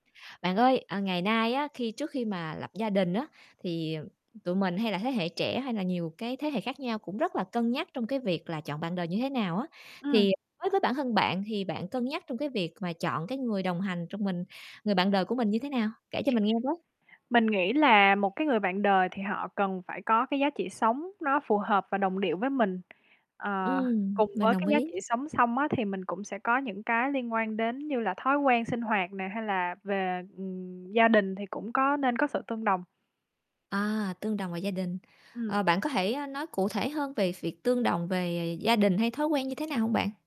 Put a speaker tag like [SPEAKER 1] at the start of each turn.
[SPEAKER 1] Bạn ơi, ờ, ngày nay á, khi trước khi mà lập gia đình á, thì, ừm, tụi mình hay là thế hệ trẻ hay là nhiều cái thế hệ khác nhau cũng rất là cân nhắc trong cái việc là chọn bạn đời như thế nào á.
[SPEAKER 2] Ừm.
[SPEAKER 1] Thì, ờ, đối với bản thân bạn thì bạn cân nhắc trong cái việc mà chọn cái người đồng hành trong mình người bạn đời của mình như thế nào? Kể cho mình nghe với.
[SPEAKER 2] Mình nghĩ là một cái người bạn đời thì họ cần phải có cái giá trị sống nó phù hợp và đồng điệu với mình. Ờ,
[SPEAKER 1] Ừm,
[SPEAKER 2] cùng
[SPEAKER 1] mình
[SPEAKER 2] với cái
[SPEAKER 1] đồng
[SPEAKER 2] giá
[SPEAKER 1] ý.
[SPEAKER 2] trị sống xong á, thì mình cũng sẽ có những cái liên quan đến như là thói quen sinh hoạt nè, hay là về, ừm, gia đình thì cũng có nên có sự tương đồng.
[SPEAKER 1] À, tương đồng về gia đình.
[SPEAKER 2] Ừm.
[SPEAKER 1] Ờ, bạn có thể, ơ, nói cụ thể hơn về việc tương đồng về gia đình hay thói quen như thế nào hông bạn?